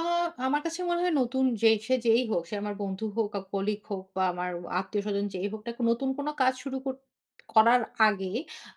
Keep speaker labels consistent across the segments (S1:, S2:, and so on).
S1: আ আমার কাছে মনে হয় নতুন যে সে যেই হোক, সে আমার বন্ধু হোক, ক কলিগ হোক বা আমার আত্মীয়স্বজন যেই হোক, নতুন কোনো কাজ শুরু কর করার আগে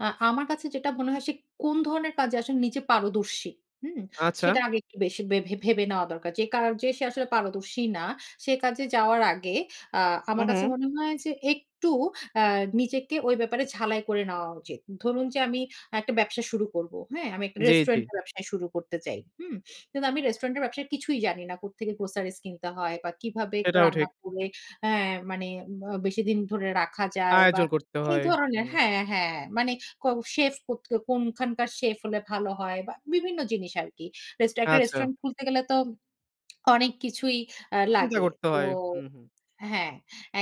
S1: আ আমার কাছে যেটা মনে হয় সে কোন ধরনের কাজে আসলে নিজে পারদর্শী, হুম?
S2: আচ্ছা।
S1: সেটা আগে একটু বেশি ভে ভেবে নেওয়া দরকার। যে কাজে সে আসলে পারদর্শী না, সে কাজে যাওয়ার আগে আ
S2: হু,
S1: আমার কাছে
S2: হু।
S1: মনে হয় যে একটু অ্যা নিজেকে ওই ব্যাপারে ঝালাই করে নেওয়া উচিত। ধরুন যে আমি একটা ব্যবসা শুরু করবো। হ্যাঁ? আমি একটা
S2: জি, জি।
S1: রেস্টুরেন্ট এর ব্যবসা শুরু করতে চাই, হুম? কিন্তু আমি রেস্টুরেন্টের ব্যবসায় কিছুই জানি না। কোত্থেকে গ্রোসারি কিনতে হয় বা কিভাবে ক
S2: এটাও
S1: রান্না
S2: ঠিক।
S1: করে হ্যাঁ, মানে আ বেশি দিন ধরে রাখা যায় বা
S2: আয়োজন করতে
S1: এই
S2: হয়।
S1: ধরনের
S2: হুম।
S1: হ্যাঁ, হ্যাঁ, মানে ক সেফ কত কোনখানকার সেফ হলে ভালো হয় বা বিভিন্ন জিনিস আরকি। রেস্টুরেন্ট একটা
S2: আচ্ছা।
S1: রেস্টুরেন্ট খুলতে গেলে তো অনেক কিছুই অ্যা
S2: চিন্তা
S1: লাগে।
S2: করতে
S1: তো
S2: হয়। হু, হু।
S1: হ্যাঁ,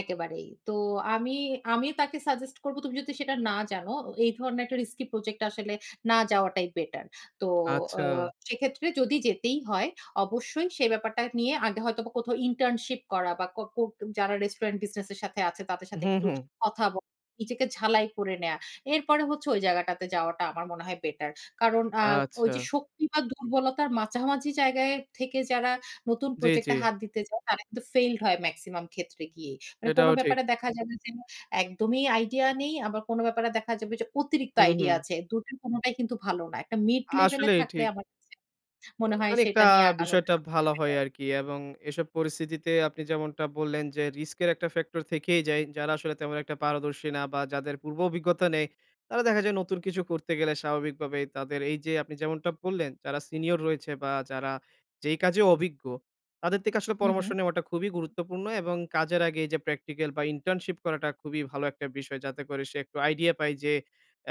S1: একেবারেই। তো আমি আমিও তাকে সাজেস্ট করব, তুমি যদি সেটা না জানো এই ধরনের একটা রিস্কি প্রজেক্ট আসলে না যাওয়াটাই বেটার। তো আ
S2: আচ্ছা।
S1: সেক্ষেত্রে যদি যেতেই হয় অবশ্যই সে ব্যাপারটা নিয়ে আগে হয়তোবা কোথাও ইন্টার্নশিপ করা বা ক ক যারা রেস্টুরেন্ট বিজনেস এর সাথে আছে তাদের সাথে
S2: হু,
S1: একটু
S2: হু।
S1: কথা বলা। নিজেকে ঝালাই করে নেয়া। এরপরে হচ্ছে ওই জায়গাটাতে যাওয়াটা আমার মনে হয় বেটার। কারণ আ ওইযে
S2: আচ্ছা।
S1: শক্তি বা দুর্বলতার মাঝামাঝি জায়গায় থেকে যারা নতুন
S2: জি, জি।
S1: প্রজেক্টটা হাত দিতে যায়, তারা কিন্তু ফেইলড হয় মেক্সিমাম ক্ষেত্রে গিয়েই। মানে কোনো
S2: এটাও ঠিক।
S1: ব্যাপারে দেখা যাবে যে একদমই আইডিয়া নেই। আবার কোনো ব্যাপারে দেখা যাবে যে অতিরিক্ত
S2: হু,
S1: আইডিয়া
S2: হু।
S1: আছে। দুটোর কোনোটাই কিন্তু ভালো না। একটা মিড লেভেলে
S2: আসলেই
S1: থাকলে
S2: ঠিক।
S1: আমার কাছে
S2: এ
S1: মনে হয়
S2: মানে কা
S1: সেটা নিয়ে আগানো
S2: বিষয়টা
S1: সবথেকে
S2: ভালো হয়
S1: বেটার।
S2: আরকি এবং এসব পরিস্থিতিতে আপনি যেমনটা বললেন, যে রিস্ক এর একটা ফ্যাক্টর থেকেই যায়। যারা আসলে তেমন একটা পারদর্শী না বা যাদের পূর্ব অভিজ্ঞতা নেই, তারা দেখা যায় নতুন কিছু করতে গেলে স্বাভাবিকভাবে তাদের এইযে আপনি যেমনটা বললেন, যারা সিনিয়র রয়েছে বা যারা যেই কাজে অভিজ্ঞ তাদের থেকে আসলে
S1: হু, হু।
S2: পরামর্শ নেওয়াটা খুবই গুরুত্বপূর্ণ এবং কাজ আগে এইযে প্র্যাকটিক্যাল বা ইন্টার্নশিপ করাটা খুবই ভালো একটা বিষয়। যাতে করে সে একটু আইডিয়া পায় যে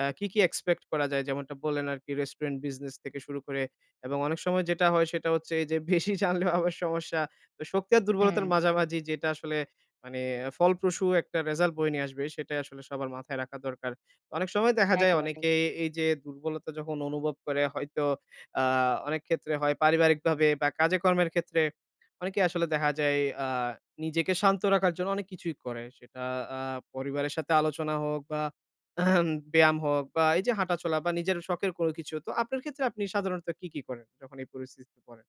S2: আ কি, কি এক্সপেক্ট করা যায়। যেমনটা বললেন আরকি রেস্টুরেন্ট বিজনেস থেকে শুরু করে এবং অনেক সময় যেটা হয় সেটা হচ্ছে এইযে বেশি জানলেও আবার সমস্যা। তো শক্তি আর দুর্বলতার
S1: হুম।
S2: মাঝামাঝি যেটা আসলে মানে ফলপ্রসু একটা রেজাল্ট বয়ে নিয়ে আসবে সেটাই আসলে সবার মাথায় রাখা দরকার। অনেক সময় দেখা যায়
S1: একেবারে।
S2: অনেকে এইযে দুর্বলতা যখন অনুভব করে হয়তো আ অনেক ক্ষেত্রে হয় পারিবারিকভাবে বা কাজে কর্মের ক্ষেত্রে অনেকেই আসলে দেখা যায় আ নিজেকে শান্ত রাখার জন্য অনেক কিছুই করে। সেটা আ পরিবারের সাথে আলোচনা হোক বা ব্যায়াম হোক বা এইযে হাঁটা চলা বা নিজের শখের কোনো কিছু তো আপনার ক্ষেত্রে আপনি সাধারণত কি, কি করেন যখন এই পরিস্থিতিতে পড়েন?